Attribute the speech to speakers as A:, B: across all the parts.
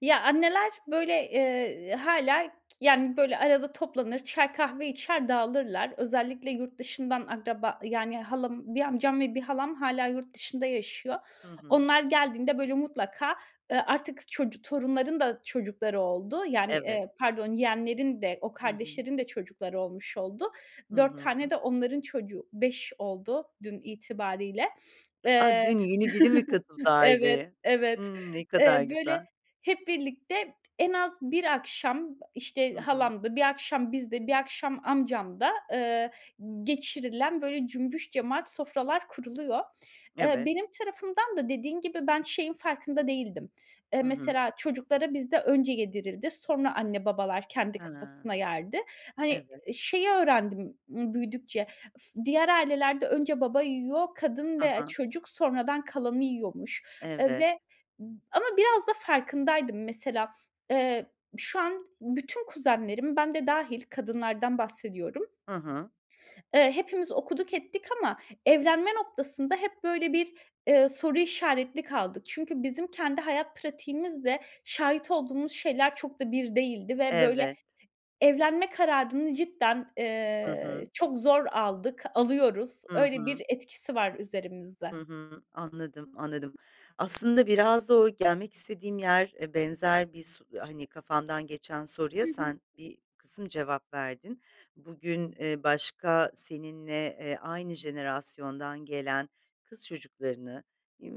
A: Ya anneler böyle, eee, hâlâ, yani, böyle, arada toplanır çay kahve içer dağılırlar. Özellikle yurt dışından akraba yani, halam 1 amcam ve 1 halam hâlâ yurt dışında yaşıyor.
B: Hı hı.
A: Onlar geldiğinde böyle mutlaka, ııı, artık çocu torunların da çocukları oldu. Yani,
B: Evet.
A: eee, pardon yeğenlerin de o
B: Hı hı.
A: kardeşlerin de çocukları olmuş oldu.
B: Hı
A: 4 tane
B: hı.
A: de onların çocuğu, 5 oldu dün itibariyle.
B: A!
A: Eee,
B: Dün yeni biri mi katıldı
A: evet,
B: aileye?
A: evet.
B: Hımm, ne
A: Eee,
B: kadar
A: böyle
B: güzel.
A: hep birlikte en az 1 akşam, işte,
B: Hı hı.
A: halamda, 1 akşam bizde, 1 akşam amcamda eee g geçirilen böyle cümbüş cemaat sofralar kuruluyor. Eee,
B: Evet.
A: benim tarafımdan da dediğin gibi ben şeyin farkında değildim. Eee,
B: Hı hı.
A: mesela çocuklara bizde önce yedirildi, sonra anne babalar kendi
B: Hıı.
A: kafasına yerdi. Hani,
B: Evet.
A: şeyi öğrendim b büyüdükçe, ıs diğer ailelerde önce baba yiyor, kadın
B: Hı
A: ve
B: hı.
A: çocuk sonradan kalanı yiyormuş, eee,
B: Evet.
A: ve ama biraz da farkındaydım mesela, eee, şu an bütün kuzenlerim, ben de dâhil kadınlardan bahsediyorum,
B: Hı hı.
A: Eee, hepimiz okuduk, ettik ama evlenme noktasında hep böyle bir, eee, soru işaretli kaldık. Çünkü bizim kendi hayat pratiğimizle şahit olduğumuz şeyler çok da bir değildi ve böyle
B: Evet.
A: evlenme kararını cidden,
B: Hı
A: eee,
B: hı.
A: çok zor aldık, alıyoruz.
B: Hı
A: Öyle bir
B: hı.
A: etkisi var üzerimizde.
B: Hı hı. Anladım, anladım. Aslında biraz da o gelmek istediğim yer, eee, benzer bir s hani, kafamdan geçen soruya
A: Hı hı.
B: sen bir kısım cevap verdin. Bugün, eee, başka seninle, eee, aynı jenerasyondan gelen kız çocuklarını,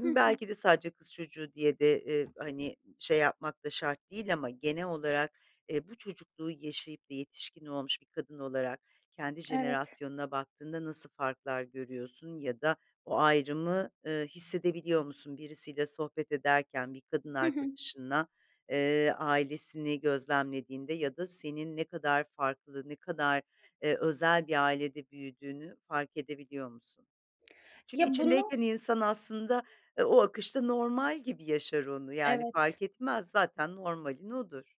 A: Hı hı.
B: belki de sadece kız çocuğu diye de, eee, hani, şey yapmak da şart değil ama genel olarak, eee, bu çocukluğu yaşayıp de yetişkin olmuş bir kadın olarak kendi
A: Evet.
B: jenerasyonuna baktığında nasıl farklar görüyorsun ya da o ayrımı, ııı, hissedebiliyor musun birisiyle sohbet ederken bir kadın
A: Hı hı.
B: arkadaşınla, eee, ailesini gözlemlediğinde ya da senin ne kadar farklı, ne kadar, eee, özel bir ailede büyüdüğünü fark edebiliyor musun? Çünkü
A: Ya bunu
B: içindeyken insan aslında, eee, o akışta normal gibi yaşar onu, yani,
A: Evet.
B: fark etmez zaten normalin odur.